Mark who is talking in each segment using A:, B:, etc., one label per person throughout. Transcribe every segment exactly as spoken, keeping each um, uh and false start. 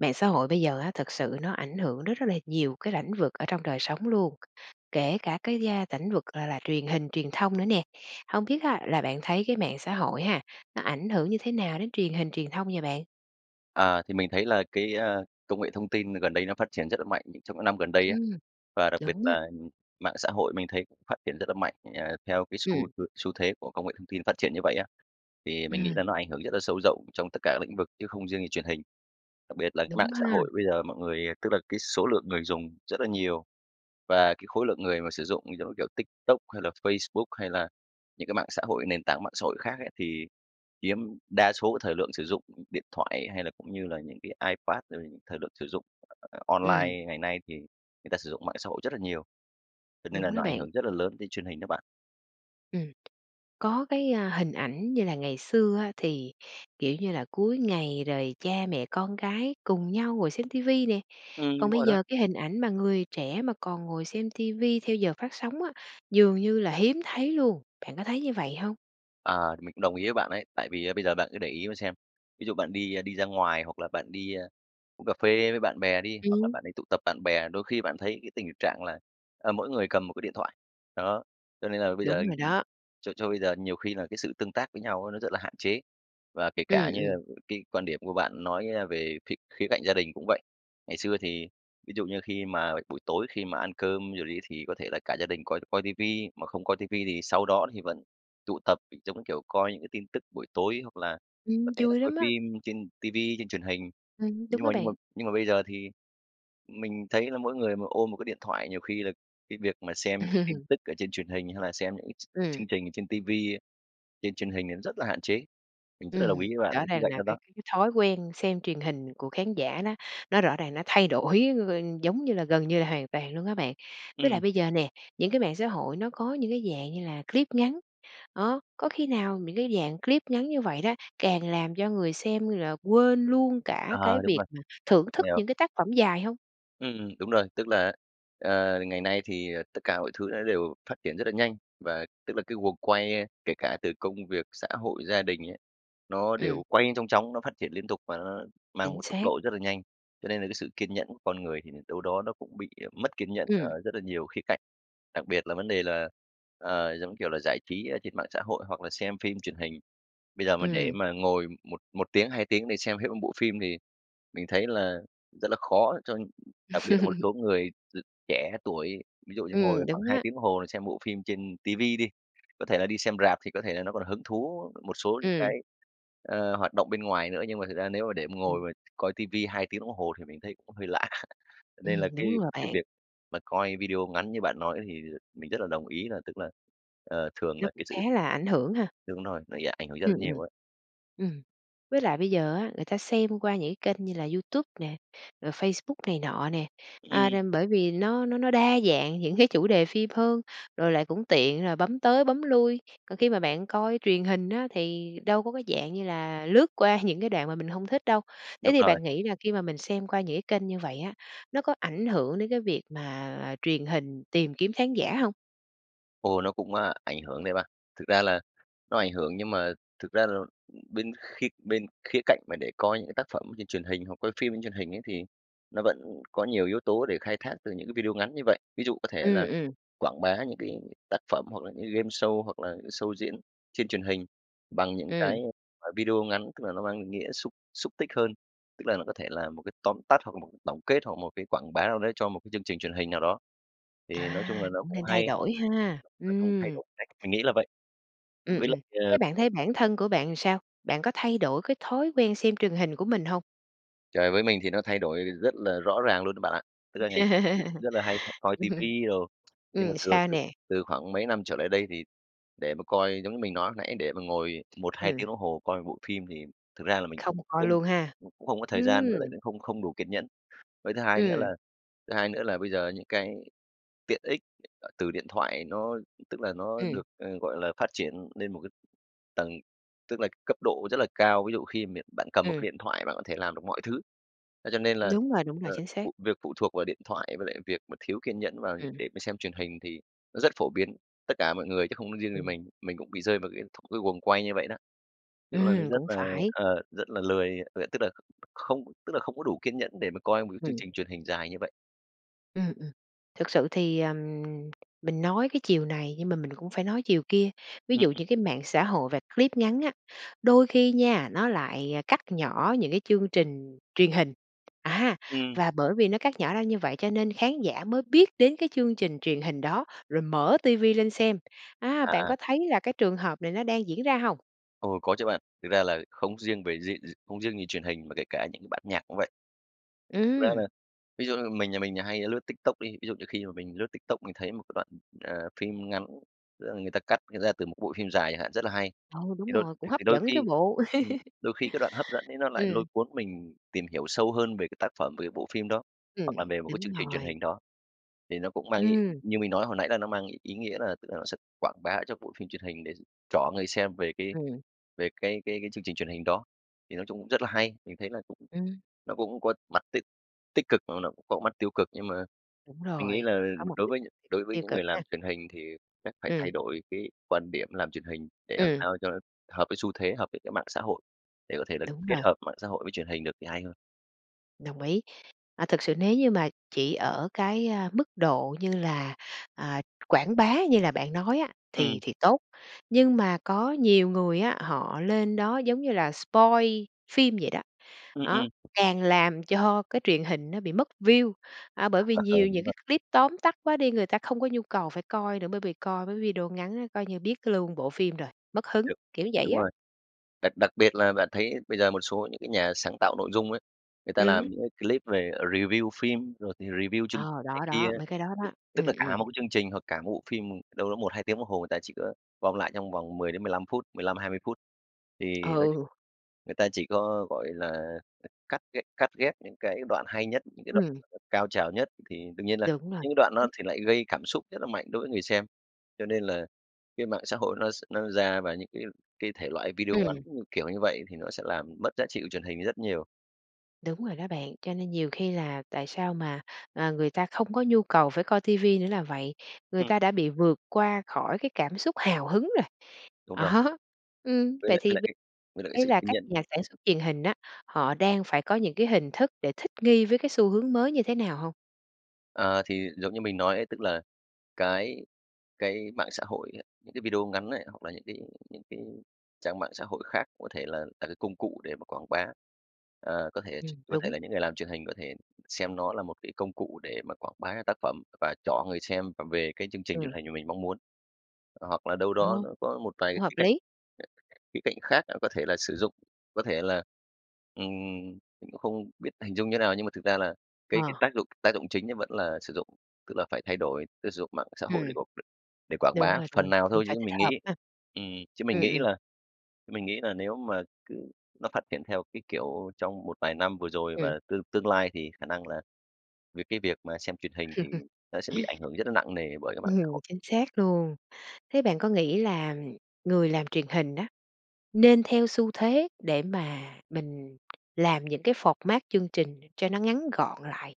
A: Mạng xã hội bây giờ á, thực sự nó ảnh hưởng đến rất là nhiều cái lãnh vực ở trong đời sống luôn, kể cả cái gia lãnh vực, gọi là, truyền hình truyền thông nữa nè. Hông biết á, là bạn thấy cái mạng xã hội ha, nó ảnh hưởng như thế nào đến truyền hình truyền thông vậy bạn?
B: À, thì mình thấy là cái công nghệ thông tin gần đây nó phát triển rất là mạnh nh trong những năm gần đây á.
A: Ừm,
B: Và đặc biệt
A: đúng á.
B: là mạng xã hội mình thấy cũng phát triển rất là mạnh, ờ, theo cái xu
A: Ừm.
B: h xu thế của công nghệ thông tin phát triển như vậy á, thì mình nghĩ
A: Ừm.
B: là nó ảnh hưởng rất là sâu rộng trong tất cả các lĩnh vực, chứ không riêng gì truyền hình. Đặc biệt là cái mạng
A: Đúng
B: xã
A: ha.
B: hội bây giờ mọi người tức là cái số lượng người dùng rất là nhiều, và cái khối lượng người mà sử dụng, giống như kiểu TikTok hay là Facebook hay là những cái mạng xã hội, nền tảng mạng xã hội khác ấy, thì chiếm đa số thời lượng sử dụng điện thoại hay là cũng như là những cái iPad rồi. Thời lượng sử dụng
A: Ừm.
B: online ngày nay thì người ta sử dụng mạng xã hội rất là nhiều. Cho nên là
A: Đúng đó
B: nó ảnh
A: bạn!
B: hưởng rất là lớn đến truyền hình đó bạn.
A: Ừm, có cái hình ảnh như là ngày xưa á, thì, kiểu như là, cuối ngày rồi cha mẹ, con gái cùng nhau ngồi xem TV nè.
B: Ừm,
A: Còn
B: đúng
A: bây
B: rồi đó!
A: giờ cái hình ảnh mà người trẻ mà còn ngồi xem TV theo giờ phát sóng á, dường như là hiếm thấy luôn. Bạn có thấy như vậy hông?
B: À, mình cũng đồng ý với bạn ấy. Tại vì á, bây giờ bạn cứ để ý mà xem, ví dụ bạn đi, ơ, đi ra ngoài hoặc là bạn đi, ơ, uống cà phê với bạn bè đi, hoặc là
A: Ừm.
B: bạn đi tụ tập bạn bè, đôi khi bạn thấy cái tình trạng là, ờ, mỗi người cầm một cái điện thoại. Đó, cho nên là bây giờ
A: Đúng rồi
B: ừm,
A: đó.
B: cho cho bây giờ nhiều khi là cái sự tương tác với nhau á, nó rất là hạn chế. Và kể cả
A: Ừm,
B: như là
A: ừm.
B: g cái quan điểm của bạn nói, ơ, về khía khía cạnh gia đình cũng vậy. Ngày xưa thì, ví dụ như, khi mà buổi tối, khi mà ăn cơm rồi đi, thì có thể là cả gia đình coi coi TV, mà không coi TV thì sau đó thì vẫn tụ tập giống, kiểu, coi những cái tin tức buổi tối hoặc là có
A: Ừm,
B: thể là
A: vui
B: coi
A: lắm á!
B: phim trên TV, trên truyền hình.
A: Ừm, đúng
B: Nhưng
A: á
B: mà nhưng mà
A: bạn.
B: nhưng mà bây giờ thì mình thấy là mỗi người mà ôm một cái điện thoại, nhiều khi là cái việc mà xem những tin tức ở trên truyền hình hay là xem những cái ch
A: Ừm.
B: chương trình ở trên TV ấy, trên truyền hình thì nó rất là hạn chế. Mình rất là đồng ý
A: Ừm,
B: với bạn
A: rõ
B: cái khía
A: ràng
B: cạnh
A: là
B: đó
A: cái
B: đó!
A: cái cái thói quen xem truyền hình của khán giả nó nó rõ ràng, nó thay đổi g giống như là gần như là hoàn toàn luôn á bạn. Với
B: Ừm.
A: lại bây giờ nè, những cái mạng xã hội nó có những cái dạng như là clip ngắn. Đó, có khi nào những cái dạng clip ngắn như vậy đó, càng làm cho người xem là quên luôn cả
B: Ờ,
A: cái
B: đúng
A: việc
B: rồi,
A: mà thưởng thức
B: hiểu.
A: những cái tác phẩm dài hông?
B: Ừm, đúng rồi, tức là, ờ, ngày nay thì, ờ, tất cả mọi thứ nó đều phát triển rất là nhanh và tức là cái guồng quay, a, kể cả từ công việc xã hội, gia đình ấy, nó
A: Ừm.
B: đều quay như chong chóng, nó phát triển liên tục và nó mang
A: Chính
B: một tốc
A: xác.
B: độ rất là nhanh, cho nên là cái sự kiên nhẫn của con người thì đâu đó nó cũng bị mất kiên nhẫn
A: Ừm.
B: ở rất là nhiều khía cạnh, đặc biệt là vấn đề là, ờ, giống kiểu là, giải trí trên mạng xã hội hoặc là xem phim truyền hình. Bây giờ mà để
A: Ừm.
B: mà ngồi một một tiếng, hai tiếng để xem hết, ưm, bộ phim thì mình thấy là rất là khó cho đặc biệt là một số người x trẻ tuổi. Ví dụ như ngồi
A: Ừm,
B: khoảng
A: đúng
B: hai
A: á.
B: tiếng đồng hồ xem bộ phim trên ti vi đi, có thể là đi xem rạp thì có thể là nó còn hứng thú một số những
A: Ừm.
B: cái, ờ, hoạt động bên ngoài nữa, nhưng mà thực ra nếu mà để mà ngồi
A: Ừm.
B: mà coi ti vi hai tiếng đồng hồ thì mình thấy cũng hơi lạ.
A: Ừm,
B: Nên là cái
A: đúng rồi
B: cái
A: bạn.
B: việc mà coi video ngắn như bạn nói thì mình rất là đồng ý là tức là, ờ, thường
A: Nó
B: là
A: cũng
B: cái
A: khá
B: sự
A: là ảnh hưởng ha.
B: đúng rồi, nó dạ ảnh hưởng rất
A: Ừm,
B: là
A: ừm.
B: nhiều ấy.
A: Ừm, với lại bây giờ á, người ta xem qua những cái kênh như là YouTube nè, rồi Facebook này nọ nè, à,
B: Ừm.
A: nên bởi vì nó nó nó đa dạng những cái chủ đề phim hơn, rồi lại cũng tiện rồi bấm tới bấm lui. Còn khi mà bạn coi truyền hình á thì đâu có cái dạng như là lướt qua những cái đoạn mà mình hông thích đâu. Thế
B: Đúng
A: thì
B: rồi.
A: bạn nghĩ là khi mà mình xem qua những cái kênh như vậy á, nó có ảnh hưởng đến cái việc mà truyền hình tìm kiếm khán giả hông?
B: Ô, nó cũng, a, ảnh hưởng đấy ba. Thực ra là nó ảnh hưởng nhưng mà thực ra là bên khi bên khía cạnh mà để coi những cái tác phẩm trên truyền hình hoặc coi phim trên truyền hình ấy thì nó vẫn có nhiều yếu tố để khai thác từ những cái video ngắn như vậy. Ví dụ có thể
A: Ừm,
B: là
A: ừm.
B: quảng bá những cái tác phẩm hoặc là những cái gameshow, hoặc là những cái show diễn trên truyền hình bằng những
A: Ừm.
B: cái, gọi là, video ngắn, tức là nó mang cái nghĩa xúc xúc tích hơn, tức là nó có thể là một cái tóm tắt hoặc là một cái tổng kết hoặc một cái quảng bá nào đấy cho một cái chương trình truyền hình nào đó. Thì nói chung là
A: À,
B: nó
A: cũng
B: cũng
A: nên thay
B: hay.
A: đổi
B: Ừm,
A: ha.
B: nói chung thay
A: Ừm.
B: đổi cách, mình nghĩ là vậy.
A: Ừm,
B: Với
A: ừm.
B: lại
A: Thế
B: ờ
A: bạn thấy bản thân của bạn sao? Bạn có thay đổi cái thói quen xem truyền hình của mình hông?
B: Trời, với mình thì nó thay đổi rất là rõ ràng luôn á bạn ạ!
A: [unintelligible]
B: Tức là ngày xưa thì cũng rất là hay [unintelligible] coi
A: ừm.
B: tivi đồ, nhưng mà
A: Ừm,
B: từ
A: sao
B: từ
A: nè?
B: từ khoảng mấy năm trở lại đây thì để mà coi giống như mình nói lúc nãy để mà ngồi một hai
A: Ừm.
B: tiếng đồng hồ coi một bộ phim thì thực ra là mình không
A: Không coi
B: không
A: luôn ha?
B: mình cũng không có thời gian với lại
A: Ừm.
B: cũng không không đủ kiên nhẫn. Với thứ hai nữa
A: Ừm.
B: là thứ hai nữa là bây giờ những cái tiện ích, ờ, từ điện thoại nó tức là nó được,
A: Ừm.
B: ờ, gọi là, phát triển lên một cái tầng tức là cấp độ rất là cao. Ví dụ khi miện bạn cầm một
A: Ừm.
B: cái điện thoại bạn có thể làm được mọi thứ. Thế cho nên là,
A: Đúng rồi, đúng
B: ờ,
A: rồi, chính xác.
B: phụ việc phụ thuộc vào điện thoại với lại việc mà thiếu kiên nhẫn và
A: Ừm.
B: để mà xem truyền hình thì nó rất phổ biến, tất cả mọi người chứ không có riêng gì
A: Ừm.
B: mình. Mình cũng bị rơi vào cái cái guồng quay như vậy đó. Tức là nó
A: Ừm,
B: rất
A: cũng
B: là,
A: phải.
B: ờ, rất là lười, ờ, tức là không tức là không có đủ kiên nhẫn để mà coi một cái chương
A: Ừm.
B: trình truyền hình dài như vậy.
A: Ừm, ừm, thực sự thì, ờ, mình nói cái chiều này nhưng mà mình cũng phải nói chiều kia. Ví
B: Ừm.
A: dụ như cái mạng xã hội và clip ngắn á, đôi khi nha, nó lại cắt nhỏ những cái chương trình truyền hình, á,
B: Ừm.
A: và bởi vì nó cắt nhỏ ra như vậy cho nên khán giả mới biết đến cái chương trình truyền hình đó, rồi mở TV lên xem. Á,
B: À,
A: bạn
B: à.
A: có thấy là cái trường hợp này nó đang diễn ra hông?
B: Ồ có chứ bạn, thực ra là không riêng về gi gi không riêng gì truyền hình mà kể cả những cái bản nhạc cũng vậy. Thực ra là
A: Ừm!
B: ví dụ như mình nhà mình là hay lướt TikTok đi ví dụ như khi mà mình lướt TikTok mình thấy một cái đoạn, ờ, phim ngắn, tức là người ta cắt ra từ một cái bộ phim dài chẳng hạn, rất là hay.
A: Ừ,
B: Thì
A: đúng
B: đôi
A: rồi,
B: th
A: cũng hấp
B: thì đôi
A: dẫn chứ
B: khi
A: bộ.
B: ừm, đôi khi cái đoạn hấp dẫn ấy, nó lại lôi
A: Ừm.
B: cuốn mình tìm hiểu sâu hơn về cái tác phẩm, về cái bộ phim đó,
A: Ừm,
B: hoặc là về một cái
A: đúng
B: chương trình truyền
A: rồi.
B: hình đó. Thì nó cũng mang ý
A: Ừm.
B: như mình nói hồi nãy là nó mang ý ý nghĩa là tức là nó sẽ quảng bá cho bộ phim truyền hình để trỏ người xem về cái
A: Ừm.
B: về cái cái cái chương trình truyền hình đó. Thì nói chung cũng rất là hay, mình thấy là cũng
A: Ừm.
B: nó cũng có mặt tích tích cực mà nó cũng có mặt tiêu cực, nhưng mà
A: Đúng
B: mình nghĩ
A: rồi,
B: là
A: có một
B: đối
A: tích
B: với đối
A: cực,
B: với
A: tiêu
B: những
A: cực
B: người làm
A: ha?
B: truyền hình thì chắc phải
A: Ừm.
B: thay đổi cái quan điểm làm truyền hình để làm
A: Ừm.
B: sao cho nó hợp với xu thế, hợp với cái mạng xã hội, để có thể là
A: Đúng
B: kết
A: rồi.
B: hợp mạng xã hội với truyền hình được thì hay hơn.
A: Đồng ý. À, thực sự nếu như mà chỉ ở cái, a, mức độ như là, à, quảng bá như là bạn nói á
B: Ừm.
A: thì thì tốt. Nhưng mà có nhiều người á, họ lên đó, giống như là, spoil phim vậy đó.
B: Ừm, ừm.
A: Đó, càng làm cho cái truyền hình nó bị mất view à, bởi vì
B: Ờ, ờ,
A: nhiều
B: đúng
A: những
B: rồi.
A: cái clip tóm tắt quá đi, người ta không có nhu cầu phải coi nữa. Bởi vì coi mấy cái video ngắn đó coi như biết luôn bộ phim rồi, mất
B: Đ
A: hứng, kiểu vậy
B: đúng
A: á.
B: rồi, đặc đặc biệt là bạn thấy bây giờ một số những cái nhà sáng tạo nội dung ấy, người ta làm
A: Ừm.
B: những cái clip về, ờ, review phim rồi thì review chương
A: Ờ,
B: này
A: đó,
B: kia.
A: đó, mấy cái đó
B: Thì
A: đó.
B: tức
A: Ừm,
B: là cả
A: ừm.
B: một cái chương trình hoặc cả một bộ phim, ừm, đâu đó một hai tiếng đồng hồ, người ta chỉ có gom lại trong vòng mười đến mười lăm phút, mười lăm hai mươi phút. Thì nói ch
A: Ừ.
B: người ta chỉ có, gọi là, c cắt gh cắt ghép những cái đoạn hay nhất, những cái đoạn
A: Ừm.
B: mà nó cao trào nhất, thì đương nhiên là
A: Đúng rồi.
B: những cái đoạn
A: Ừm.
B: đó thì lại gây cảm xúc rất là mạnh đối với người xem. Cho nên là cái mạng xã hội nó s nó ra và những cái cái thể loại video ngắn
A: Ừm.
B: như kiểu như vậy thì nó sẽ làm mất giá trị của truyền hình đi rất nhiều.
A: Đúng rồi đó bạn, cho nên nhiều khi là tại sao mà, ờ, người ta không có nhu cầu phải coi TV nữa là vậy. Người
B: Ừm.
A: ta đã bị vượt qua khỏi cái cảm xúc hào hứng rồi.
B: Đúng rồi.
A: Đó, ừm,
B: Với
A: vậy
B: lại với
A: thì
B: lại
A: bây
B: cái với lại cái
A: ý
B: sự
A: là
B: kiên
A: các
B: nhẫn.
A: nhà sản xuất truyền hình á, họ đang phải có những cái hình thức để thích nghi với cái xu hướng mới như thế nào hông?
B: À, thì giống như mình nói ấy, tức là cái cái mạng xã hội á, những cái video ngắn ấy, hoặc là những cái những cái trang mạng xã hội khác, có thể là là cái công cụ để mà quảng bá, ờ, có thể ch
A: Ừm,
B: có thể
A: đúng.
B: là những người làm truyền hình có thể xem nó là một cái công cụ để mà quảng bá cái tác phẩm và trỏ người xem v về cái chương trình truyền
A: Ừm.
B: hình mà mình mong muốn. H hoặc là đâu đó
A: Ồ!
B: nó có một vài cái
A: Cũng hợp
B: khía cạnh,
A: lý.
B: [unintelligible] khía cạnh khác, ờ, có thể là sử dụng, có thể là ừm, mình cũng không biết hình dung như nào, nhưng mà thực ra là cái cái
A: Ờ.
B: tác dụng tác dụng chính nó vẫn là sử dụng, tức là phải thay đổi, tức sử dụng mạng xã hội để
A: Ừm.
B: qu đ để quảng
A: Đúng
B: bá
A: rồi, đúng
B: phần
A: rồi,
B: nào
A: mình
B: thôi.
A: phải
B: Chứ
A: thích
B: mình
A: hợp
B: nghĩ
A: ha.
B: ừm, chứ mình
A: Ừm,
B: nghĩ
A: ừm.
B: là mình nghĩ là nếu mà cứ nó phát triển theo cái kiểu trong một vài năm vừa rồi
A: Ừm.
B: và tương tương lai thì khả năng là vì cái việc mà xem truyền hình thì nó sẽ bị ảnh hưởng rất là nặng nề bởi cái mạng xã
A: Ừm,
B: hội.
A: chính xác luôn. Thế bạn có nghĩ là, ừm, người làm truyền hình á, nên theo xu thế để mà mình làm những cái format chương trình cho nó ngắn gọn lại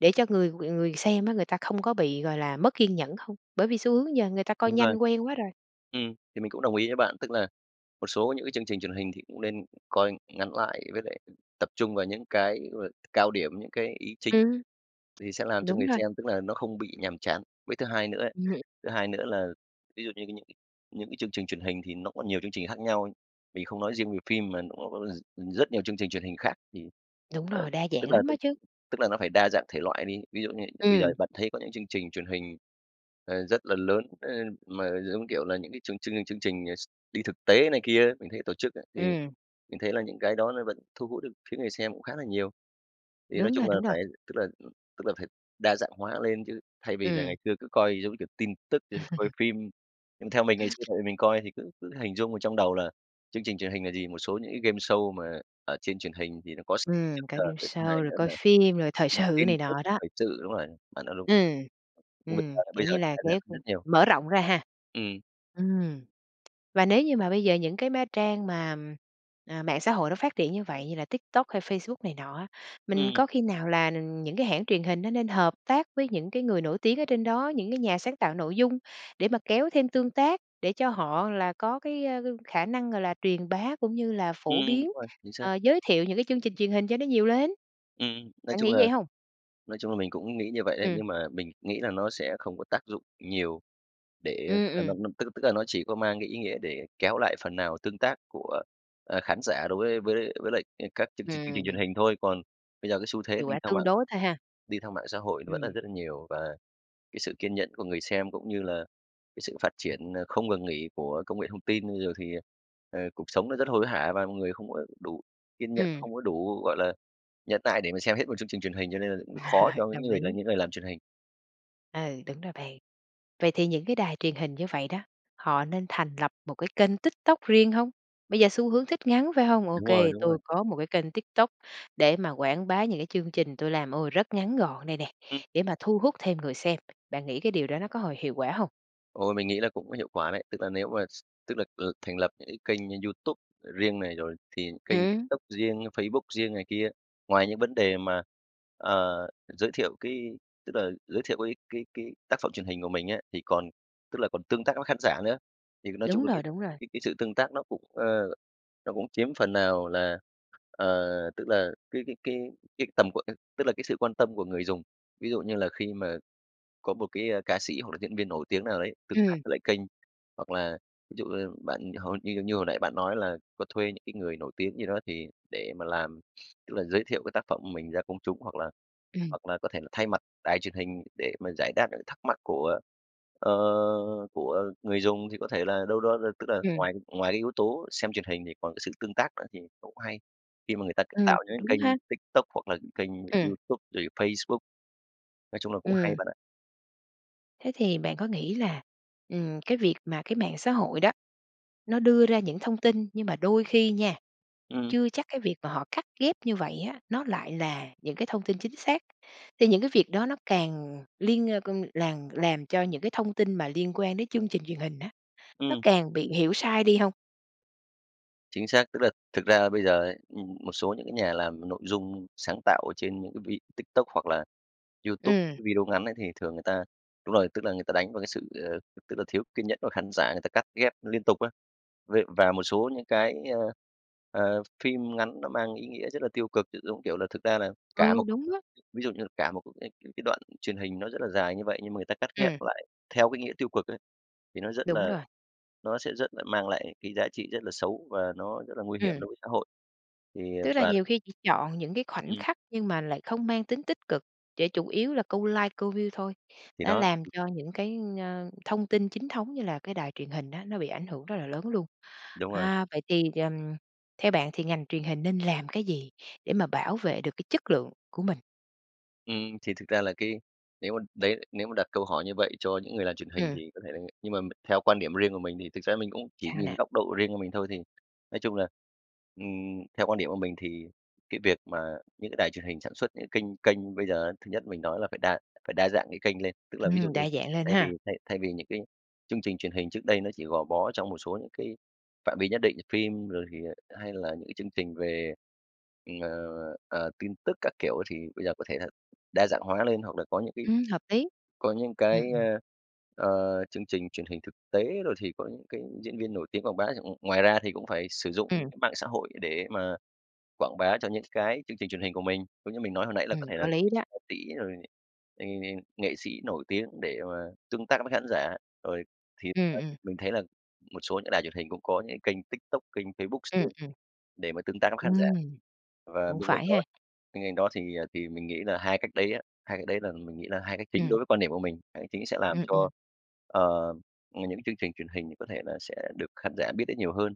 A: để cho người người xem á người ta không có bị, gọi là, mất kiên nhẫn không? Bởi vì xu hướng giờ người ta coi
B: Đúng rồi.
A: nhanh quen quá rồi.
B: Ừm, thì mình cũng đồng ý với bạn. Tức là một số những cái chương trình truyền hình thì cũng nên coi ngắn lại với lại tập trung vào những cái, gọi là, cao điểm, những cái ý chính
A: Ừm.
B: thì sẽ làm cho
A: Đúng
B: người
A: rồi.
B: xem tức là nó không bị nhàm chán. Với thứ hai nữa ấy,
A: Ừm.
B: thứ hai nữa là ví dụ như những những cái chương trình truyền hình thì nó có nhiều chương trình khác nhau, mình không nói riêng về phim mà nó có r rất nhiều chương trình truyền hình khác thì,
A: Đúng
B: ờ,
A: rồi, đa
B: tức
A: dạng
B: là
A: lắm
B: tức
A: á chứ!
B: tức là nó phải đa dạng thể loại đi. Ví dụ như bây giờ
A: Ừm.
B: bạn thấy có những chương trình truyền hình, ờ, rất là lớn, ơ, mà giống kiểu là những cái chương chương chương trình, ờ, x đi thực tế này kia á, mình thấy tổ chức á, thì
A: Ừm.
B: mình thấy là những cái đó nó vẫn thu hút được phía người xem cũng khá là nhiều. Thì nói
A: Đúng rồi,
B: chung là
A: đúng rồi.
B: phải, tức là, ừm, tức là phải đa dạng hóa lên chứ thay vì là
A: Ừm.
B: ngày xưa cứ coi giống như kiểu tin tức trên coi phim. Nhưng theo mình, ngày xưa tại vì mình coi thì cứ cứ hình dung ở trong đầu là chương trình truyền hình là gì? Một số những cái gameshow mà ở trên truyền hình thì nó có s
A: Ừm,
B: trước
A: cả
B: giờ. Cái thứ hai
A: gameshow rồi
B: nữa
A: coi
B: là
A: phim, rồi thời
B: tin
A: sự
B: tin
A: này
B: tức
A: nọ đó.
B: thời sự. Đúng rồi, bạn nói đúng.
A: Ừm.
B: Nhưng bây
A: Ừm,
B: giờ bây
A: kiểu
B: giờ
A: như
B: nó
A: là
B: đã giảm
A: kéo
B: đi
A: thêm
B: rất nhiều.
A: mở rộng ra ha?
B: Ừm.
A: Ừm. Và nếu như mà bây giờ những cái má trang mà, ừm, à, mạng xã hội nó phát triển như vậy như là TikTok hay Facebook này nọ á, mình
B: Ừm.
A: có khi nào là, ừm, những cái hãng truyền hình nó nên hợp tác với những cái người nổi tiếng ở trên đó, những cái nhà sáng tạo nội dung để mà kéo thêm tương tác, để cho họ là có cái, a, khả năng, gọi là, truyền bá cũng như là phổ
B: Ừm, đúng
A: biến,
B: rồi, chính xác.
A: ờ, giới thiệu những cái chương trình truyền hình cho nó nhiều lên?
B: Ừm, nói
A: Bạn
B: chung
A: nghĩ
B: là
A: vậy hông?
B: nói chung là mình cũng nghĩ như vậy đấy.
A: Ừm.
B: Nhưng mà mình nghĩ là nó sẽ không có tác dụng nhiều để
A: Ừm,
B: tức là nó
A: ừm.
B: nó tức tức là nó chỉ có mang cái ý nghĩa để kéo lại phần nào tương tác của, ờ, khán giả đối với với với lại, ờ, các chương trình chương trình truyền
A: Ừm.
B: hình thôi. Còn bây giờ cái xu thế
A: Hiệu
B: đi
A: quả
B: theo
A: tương
B: mạng
A: đối thôi ha.
B: đi theo mạng xã hội nó vẫn là
A: Ừm.
B: rất là nhiều và cái sự kiên nhẫn của người xem cũng như là cái sự phát triển, ờ, không ngừng nghỉ của công nghệ thông tin rồi thì, ờ, cuộc sống nó rất hối hả và mọi người không có đủ kiên nhẫn,
A: Ừm.
B: không có đủ, gọi là, nhẫn nại để mà xem hết một chương trình truyền hình, cho nên là cũng khó cho những
A: Đồng
B: người là
A: ý.
B: những người làm truyền hình.
A: Ừ, đúng rồi bạn. Vậy thì những cái đài truyền hình như vậy đó, họ nên thành lập một cái kênh TikTok riêng hông? Bây giờ xu hướng thích ngắn phải hông? Ô
B: Đúng rồi,
A: kê,
B: đúng
A: tôi
B: rồi.
A: có một cái kênh TikTok để mà quảng bá những cái chương trình tôi làm, ô, rất ngắn gọn đây nè,
B: Ừm.
A: để mà thu hút thêm người xem. Bạn nghĩ cái điều đó nó có hồi hiệu quả hông?
B: Ồ, mình nghĩ là cũng có hiệu quả đấy, tức là nếu mà s tức là, ừ, thành lập những cái kênh như YouTube riêng này, rồi thì kênh
A: Ừm.
B: TikTok riêng, Facebook riêng này kia. Ngoài những vấn đề mà, ờ, giới thiệu cái tức là giới thiệu cái cái cái tác phẩm truyền hình của mình á, thì còn tức là còn tương tác với khán giả nữa. Thì nói chung
A: Đúng
B: là cái
A: rồi, đúng rồi.
B: cái cái sự tương tác nó cũng, ơ, nó cũng chiếm phần nào là, ờ, tức là cái cái cái cái tầm của cái tức là cái sự quan tâm của người dùng, ví dụ như là khi mà có một cái, a, ca sĩ hoặc là diễn viên nổi tiếng nào đấy tương tác
A: Ừm.
B: với lại kênh, hoặc là ví dụ như bạn hồi như như hồi nãy bạn nói là có thuê những cái người nổi tiếng gì đó thì để mà làm. Tức là giới thiệu cái tác phẩm của mình ra công chúng, hoặc là
A: Ừm.
B: hoặc là có thể là thay mặt đài truyền hình để mà giải đáp những thắc mắc của, ờ, của người dùng, thì có thể là đâu đó đ tức là
A: Ừm.
B: ngoài cái ngoài cái yếu tố xem truyền hình, thì còn cái sự tương tác nữa, thì cũng hay. Khi mà người ta cứ
A: Ừm,
B: tạo những
A: đúng
B: cái kênh
A: ha.
B: TikTok hoặc là những kênh
A: Ừm.
B: YouTube rồi Facebook, nói chung là cũng hay
A: Ừm.
B: bạn ạ.
A: Thế thì bạn có nghĩ là, ừm, cái việc mà cái mạng xã hội đó, nó đưa ra những thông tin nhưng mà đôi khi nha
B: Ừm.
A: chưa chắc cái việc mà họ cắt ghép như vậy á, nó lại là những cái thông tin chính xác. Thì những cái việc đó nó càng liên ơ, con làng làm cho những cái thông tin mà liên quan đến chương trình truyền hình á, nó
B: Ừm.
A: càng bị hiểu sai đi hông?
B: Chính xác, tức là thực ra là bây giờ ấy, ừm, một số những cái nhà làm nội dung sáng tạo trên những cái vi TikTok hoặc là YouTube
A: Ừm.
B: video ngắn ấy, thì thường người ta đúng rồi, tức là người ta đánh vào cái sự, ờ, tức là thiếu kiên nhẫn của khán giả người ta cắt ghép liên tục á. Vậy và một số những cái, ơ, ờ, phim ngắn nó mang ý nghĩa rất là tiêu cực, giống, kiểu là, thực ra là, cả
A: Ờ,
B: một
A: đúng á.
B: ví dụ như là cả một cái ê c cái đoạn truyền hình nó rất là dài như vậy nhưng mà người ta cắt ghép
A: Ừm.
B: lại theo cái nghĩa tiêu cực ấy, thì nó rất
A: Đúng
B: là
A: rồi.
B: nó sẽ rất là mang lại cái giá trị rất là xấu và nó rất là nguy hiểm
A: Ừm.
B: đối với xã hội, thì, à,
A: Tức là
B: và
A: nhiều khi chỉ chọn những cái khoảnh
B: Ừm.
A: khắc nhưng mà lại không mang tính tích cực, để chủ yếu là câu like, câu view thôi.
B: Thì
A: Nó
B: đó.
A: làm cho những cái, ơ, thông tin chính thống như là cái đài truyền hình á, nó bị ảnh hưởng rất là lớn luôn.
B: Đúng rồi.
A: À, vậy thì, ờ, theo bạn thì ngành truyền hình nên làm cái gì để mà bảo vệ được cái chất lượng của mình?
B: Ừm, thì thực ra là cái nếu mà, đấy, nếu mà đặt câu hỏi như vậy cho những người làm truyền hình
A: Ừm.
B: thì có thể là nhưng mà m theo quan điểm riêng của mình thì thực ra mình cũng chỉ
A: Sao
B: nhìn
A: nè?
B: góc độ riêng của mình thôi, thì nói chung là, ừm, theo quan điểm của mình thì cái việc mà những cái đài truyền hình sản xuất những kênh kênh bây giờ thứ nhất mình nói là phải đa phải đa dạng cái kênh lên. Tức là ví dụ
A: Ừm,
B: như
A: đa dạng lên
B: thay vì
A: ha!
B: thay thay vì những cái chương trình truyền hình trước đây nó chỉ gò bó trong một số những cái phạm vi nhất định, phim rồi thì hay là những cái chương trình về, ừm, ờ, ờ, tin tức các kiểu thì bây giờ có thể thà đa dạng hóa lên, hoặc là có những cái
A: Ừm, hợp lý.
B: có những cái,
A: Ừm, ừm.
B: ơ, ờ, chương trình truyền hình thực tế rồi thì có những cái diễn viên nổi tiếng quảng bá chẳng ngoài ra thì cũng phải sử dụng những
A: Ừm.
B: cái mạng xã hội để mà quảng bá cho những cái chương trình truyền hình của mình, giống như mình nói hồi nãy là
A: Ừm,
B: có thể là
A: có lý đó.
B: ca sĩ, rồi, ừm, nghệ sĩ nổi tiếng để mà tương tác với khán giả. Rồi thì,
A: Ừm,
B: ờ,
A: ừm.
B: mình thấy là một số những đài truyền hình cũng có những cái kênh TikTok, kênh Facebook
A: Ừm,
B: riêng
A: ừm.
B: để mà tương tác với khán giả.
A: Ừm.
B: Và
A: Cũng
B: bên cạnh
A: phải
B: đó
A: ha.
B: bên cạnh đó thì, ờ, thì mình nghĩ là hai cách đấy á, hai cách đấy là mình nghĩ là hai cách chính đối
A: Ừm.
B: với quan điểm của mình. Hai cách chính sẽ làm
A: Ừm,
B: cho,
A: ừm.
B: ờ, những cái chương trình truyền hình có thể là sẽ được khán giả biết đến nhiều hơn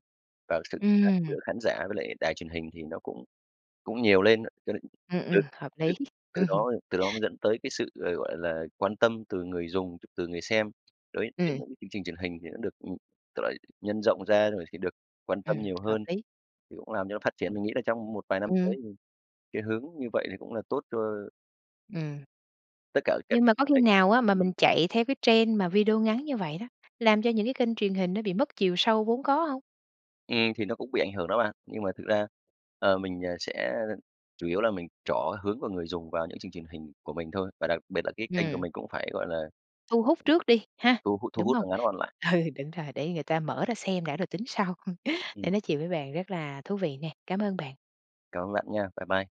B: và sự tương tác
A: Ừm.
B: giữa khán giả với lại đài truyền hình thì nó cũng cũng nhiều lên. Cho nên
A: Ừm,
B: từ
A: ừm, hợp
B: từ
A: lý.
B: từ
A: Ừm hưm.
B: đó từ đó dẫn tới cái sự, ờ, gọi là, quan tâm từ người dùng, ch từ người xem đối đến
A: Ừm.
B: một cái chương trình truyền hình thì nó được, ừm, tức là, nhân rộng ra, rồi thì được quan tâm
A: Ừm,
B: nhiều
A: hợp
B: hơn
A: lý.
B: thì cũng làm cho nó phát triển. Mình nghĩ là trong một vài năm tới,
A: Ừm.
B: ừm, cái hướng như vậy thì cũng là tốt cho
A: Ừm.
B: tất cả các
A: Nhưng
B: cái
A: mà
B: kênh
A: có
B: truyền
A: khi
B: hình,
A: nào á mà mình
B: ừm.
A: chạy theo cái trend mà video ngắn như vậy đó, làm cho những cái kênh truyền hình nó bị mất chiều sâu vốn có hông?
B: Ừm. Thì nó cũng bị ảnh hưởng đó bạn, nhưng mà thực ra, ờ, mình, ờ, sẽ chủ yếu là mình trỏ hướng của người dùng vào những chương trình hình của mình thôi. Và đặc biệt là cái kênh của
A: Ừm.
B: mình cũng phải, gọi là
A: Thu hút trước đi, ha,
B: thu hút thu
A: đúng
B: hút
A: hông?
B: và ngắn gọn lại.
A: Ừ, đúng rồi, để người ta mở ra xem đã rồi tính sau.
B: Ừm.
A: Nay nói chuyện với bạn rất là thú vị nè, cám ơn bạn.
B: Cảm ơn bạn nha. Bye bye.